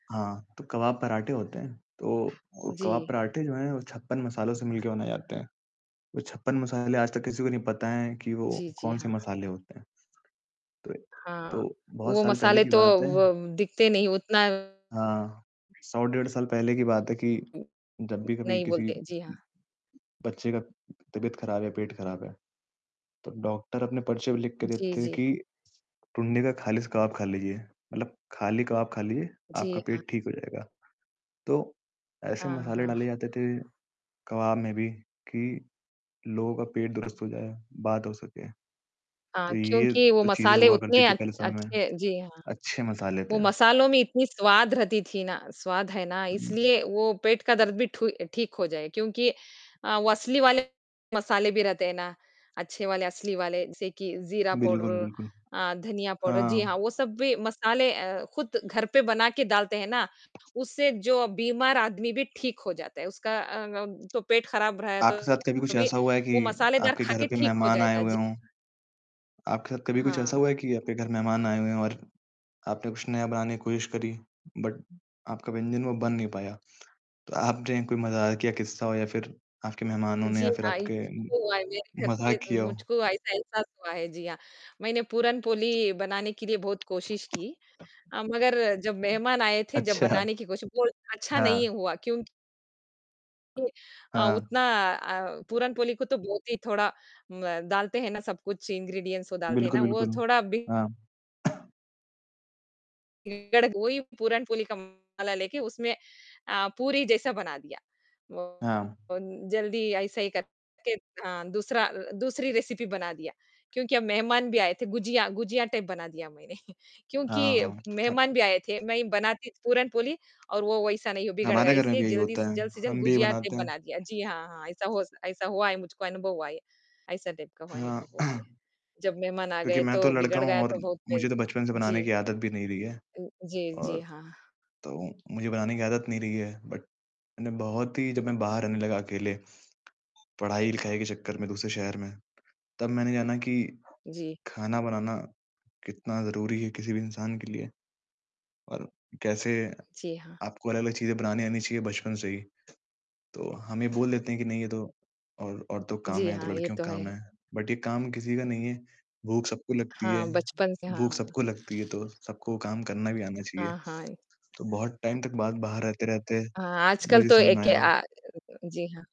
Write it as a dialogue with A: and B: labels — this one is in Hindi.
A: हाँ, तो कबाब पराठे होते हैं, तो वो कबाब
B: जी।
A: पराठे जो हैं, वो 56 मसालों से मिलकर बनाए जाते हैं। वो 56 मसाले आज तक किसी को नहीं पता हैं कि वो
B: जी, जी।
A: कौन-से
B: हाँ।
A: मसाले होते हैं, तो
B: हाँ,
A: तो बहुत
B: वो
A: साल पहले
B: मसाले
A: की
B: तो
A: बात है
B: वो दिखते नहीं उतना
A: हाँ, 100 डेढ़ साल पहले की बात है कि जब भी कभी
B: नहीं
A: किसी उ
B: बोलते। जी हाँ।
A: बच्चे का तबीयत ख़राब है, पेट ख़राब है, तो डॉक्टर अपने पर्चे पे लिख के
B: जी,
A: देते हैं
B: जी।
A: कि टुंडी का खाली स कबाब खा लीजिए, मतलब खाली कबाब खा लीजिए,
B: जी
A: आपका
B: हाँ।
A: पेट ठीक हो जाएगा। तो ऐसे
B: हाँ,
A: मसाले
B: हाँ।
A: डाले जाते थे कबाब में भी कि लोगों का पेट दुरुस्त हो जाए, बात हो सके,
B: हाँ,
A: तो ये
B: क्योंकि वो
A: तो चीज़ें
B: मसाले
A: हुआ करती
B: उतने
A: थी
B: अच्छ
A: पहले समय में,
B: अच्छे जी हाँ।
A: अच्छे मसाले थे।
B: वो मसालों में इतनी स्वाद रहती थी ना स्वाद है ना इसलिए वो पेट का दर्द भी ठु ठीक हो जाए क्योंकि अ, वो असली वाले मसाले भी रहते हैं ना, अच्छे वाले, असली वाले जैसे कि जीरा
A: बिल्कुल,
B: पाउडर,
A: बिल्कुल।
B: अ, धनिया पाउडर। जी
A: हाँ।
B: हाँ, वो सब भी मसाले अ, खुद घर पे बना के डालते हैं ना, उससे जो बीमार आदमी भी ठीक हो जाता है, उसका अ, अम, तो पेट ख़राब रह
A: आपके साथ कभी कुछ
B: तो भी
A: ऐसा हुआ है कि
B: वो मसालेदार
A: आपके घर
B: खाकर
A: पे
B: ठीक हो
A: मेहमान आए
B: जाएगा,
A: हुए
B: जी।
A: हों आपके साथ कभी कुछ ऐसा
B: हाँ।
A: हुआ है कि आपके घर मेहमान आए हुए हों और आपने कुछ नया बनाने की कोशिश करी बट आपका व्यंजन वो बन नहीं पाया, तो आपने कोई मज़ाकिया किस्सा हो या फिर आपके मेहमानों ने
B: जी
A: या फिर
B: हाँ, ये
A: आपके
B: तो हुआ है, मेरे घर
A: मज़ाक
B: पे
A: किया हो?
B: मुझको [unintelligible] हुआ है। जी हाँ। मैंने पूरनपोली बनाने के लिए बहुत कोशिश की अ, मगर जब मेहमान आए थे, जब
A: अच्छा।
B: बनाने की कोशिश वो अच्छा नहीं
A: हाँ।
B: हुआ क्योंकि जी अ,
A: हाँ।
B: उतना अ, पूरनपोली को तो बहुत ही थोड़ा म डालते हैं ना सब कुछ इंग्रीडिएंट्स वो डालते हैं ना
A: बिल्कुल,
B: वो
A: बिल्कुल।
B: थोड़ा बिगड़ गई। वो ही पूरनपोली का मसाला लेके उसमें अ, पूरी जैसा बना दिया। वो
A: हाँ।
B: बन जल्दी अइसे ही करके हाँ, दूसरा अ अ, दूसरी रेसपी बना दिया क्योंकि अब मेहमान भी आए थे। गुझिया गुझिया टाइप बना दिया मैंने क्योंकि
A: हाँ, हाँ, हाँ।
B: मेहमान भी आए थे। मैं ही बनाती पूरनपोली और वो वैसा नहीं वो बिगड़ गया
A: हमारे घर में
B: इसलिए
A: भी यही
B: जल्दी स
A: होता है,
B: जल्द से जल्द
A: हम भी ये
B: गुझिया टाइप
A: बनाते हैं।
B: बना दिया। जी हाँ, हाँ, ऐसा होस ऐसा हुआ है, मुझको अनुभव हुआ है। ऐसा टाइप का हुआ
A: हाँ।
B: अनुभव हुआ है। जब मेहमान आ
A: क्योंकि
B: गए
A: मैं तो
B: तो
A: लड़का
B: बिगड़
A: हूँ
B: गया
A: और
B: तो बहुत
A: मुझे
B: पिज़
A: तो बचपन से
B: जी।
A: बनाने की आदत भी नहीं रही है
B: अ, जी, जी,
A: और
B: हाँ।
A: तो मुझे बनाने की आदत नहीं रही है बट मैंने बहुत ही जब मैं बाहर रहने लगा अकेले पढ़ाई-लिखाई के चक्कर में दूसरे शहर में, तब मैंने जाना कि
B: जी।
A: खाना बनाना कितना ज़रूरी है किसी भी इंसान के लिए और कैसे
B: जी हाँ।
A: आपको अलग-अलग चीज़ें बनानी आनी चाहिए बचपन से ही, तो हम ये बोल देते हैं कि नहीं ये तो और औरतों का काम
B: जी
A: है, ये
B: हाँ,
A: तो
B: ये
A: लड़कियों
B: तो
A: का काम
B: है।
A: है बट ये काम किसी का नहीं है, भूख सबको लगती है
B: हाँ, बचपन से
A: भूख
B: हाँ।
A: सबको लगती है तो सबको काम करना भी आना चाहिए,
B: हाँ, हाँ। ए
A: तो बहुत टाइम तक बाद बाहर रहते-रहते
B: हाँ। आजकल
A: मुझे
B: तो
A: समझ में
B: एक
A: आया
B: आ जी हाँ।